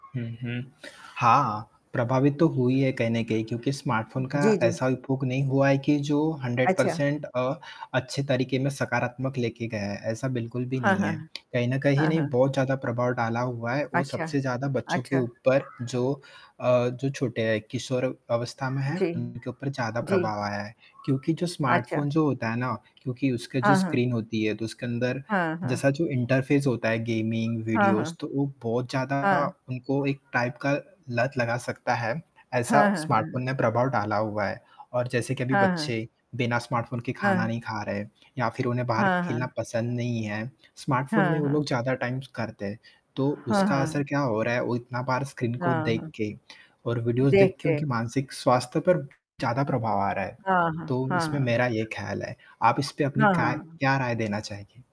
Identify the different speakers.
Speaker 1: हुँ, हुँ। हाँ, प्रभावित तो हुई है, कहीं न कहीं क्योंकि स्मार्टफोन का
Speaker 2: जी, जी।
Speaker 1: ऐसा उपभोग नहीं हुआ है कि जो 100
Speaker 2: अच्छा।
Speaker 1: पर्सेंट अ, अच्छे तरीके में सकारात्मक लेके गए है, ऐसा बिल्कुल भी
Speaker 2: हाँ,
Speaker 1: नहीं
Speaker 2: हाँ,
Speaker 1: है
Speaker 2: हाँ।
Speaker 1: कहीं न कहीं
Speaker 2: हाँ,
Speaker 1: नहीं
Speaker 2: हाँ।
Speaker 1: बहुत ज़्यादा प्रभाव डाला हुआ है, वो
Speaker 2: अच्छा,
Speaker 1: सबसे ज़्यादा बच्चों के
Speaker 2: अच्छा।
Speaker 1: ऊपर जो अ, जो छोटे हैं किशोर अवस्था में हैं,
Speaker 2: जी,
Speaker 1: उनके ऊपर ज़्यादा
Speaker 2: जी।
Speaker 1: प्रभाव आया है क्योंकि जो
Speaker 2: अच्छा।
Speaker 1: स्मार्टफोन जो होता है ना क्योंकि उसका जो
Speaker 2: हाँ, हाँ।
Speaker 1: स्क्रीन होती है, तो उसके अंदर
Speaker 2: हाँ, हाँ।
Speaker 1: जैसा जो इंटरफेस होता है गेमिंग
Speaker 2: हाँ,
Speaker 1: वीडियोज
Speaker 2: हाँ।
Speaker 1: तो वो बहुत ज़्यादा
Speaker 2: हाँ।
Speaker 1: उनको एक टाइप का लत लगा सकता है ऐसा
Speaker 2: हाँ, हाँ,
Speaker 1: स्मार्टफोन
Speaker 2: हाँ।
Speaker 1: ने प्रभाव डाला हुआ है और जैसे कि अभी
Speaker 2: हाँ, हाँ।
Speaker 1: बच्चे बिना स्मार्टफोन के खाना
Speaker 2: हाँ।
Speaker 1: नहीं खा रहे हैं, या फिर उन्हें बाहर
Speaker 2: हाँ,
Speaker 1: खेलना
Speaker 2: हाँ।
Speaker 1: पसंद नहीं है स्मार्टफोन में
Speaker 2: हाँ,
Speaker 1: वो
Speaker 2: हाँ।
Speaker 1: लोग ज़्यादा टाइम करते हैं, तो
Speaker 2: हाँ,
Speaker 1: उसका असर
Speaker 2: हाँ।
Speaker 1: क्या हो रहा है वो इतना बार स्क्रीन को
Speaker 2: हाँ,
Speaker 1: देख
Speaker 2: हाँ।
Speaker 1: के और वीडियोज़ देख
Speaker 2: देख
Speaker 1: के
Speaker 2: के।
Speaker 1: उनके मानसिक स्वास्थ्य पर ज़्यादा प्रभाव आ रहा है,
Speaker 2: हाँ, हाँ,
Speaker 1: तो इसमें
Speaker 2: हाँ।
Speaker 1: मेरा ये ख़याल है आप इस पर अपनी
Speaker 2: हाँ, हाँ,
Speaker 1: खा
Speaker 2: हाँ।
Speaker 1: क्या राय देना चाहेंगे?